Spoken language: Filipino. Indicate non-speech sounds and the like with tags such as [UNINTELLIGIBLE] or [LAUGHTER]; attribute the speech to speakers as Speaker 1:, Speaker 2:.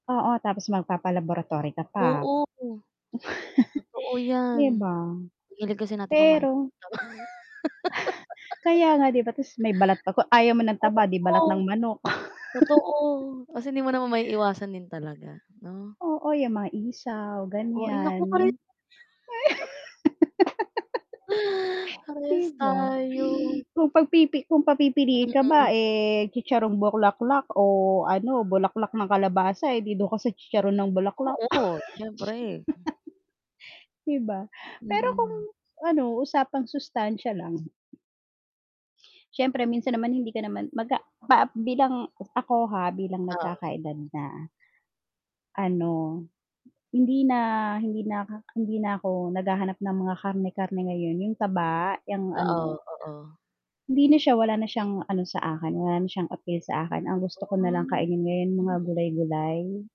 Speaker 1: Oo, tapos magpapa-laboratory ka pa. [CHUCKLES]
Speaker 2: Oo. Totoo
Speaker 1: 'di
Speaker 2: yan,
Speaker 1: ba?
Speaker 2: hilig kasi natin kumain ng
Speaker 1: Pero [SCOFFS] Kaya nga 'di ba, 'tas may balat pa 'to, ayaw mo ng
Speaker 2: mga taba.
Speaker 1: taba 'di
Speaker 2: [LAUGHS]
Speaker 1: balat ng
Speaker 2: Oo,
Speaker 1: manok.
Speaker 2: totoo.
Speaker 1: [CHUCKLES]
Speaker 2: Kasi hindi mo naman maiiwasan din talaga, 'no?
Speaker 1: Oo, yang mga isaw,
Speaker 2: Oh, ay nako pare
Speaker 1: ganiyan. [LAUGHS]
Speaker 2: [CHUCKLES] [INHALES]
Speaker 1: 'di
Speaker 2: parehas
Speaker 1: ba?
Speaker 2: tayo.
Speaker 1: [GASPS] Kung pagpipi kung papipiliin ka ba,
Speaker 2: Mm.
Speaker 1: eh, chicharong bulaklak o ano, bulaklak ng kalabasa, eh, 'di dun ka sa chicharon ng bulaklak.
Speaker 2: Oo, siyempre, hmm.
Speaker 1: [CHUCKLES] 'di ba? Pero kung,
Speaker 2: Mm.
Speaker 1: ano, usapang sustansiya lang [SWALLOWS] siyempre minsan naman hindi ka naman, maga
Speaker 2: [UNINTELLIGIBLE]
Speaker 1: ba bilang, ako ha, bilang
Speaker 2: Oo.
Speaker 1: nagkakaedad na. Ano, hindi na, hindi na hindi na ako naghahanap ng mga karne-karne ngayon, 'yung taba, 'yang
Speaker 2: Oo,
Speaker 1: ano.
Speaker 2: oo.
Speaker 1: Hindi na siya, wala na siyang ano sa akin, wala na siyang appeal sa akin ang gusto ko
Speaker 2: Ah.
Speaker 1: na lang kainin mga
Speaker 2: Mm.
Speaker 1: gulay-gulay.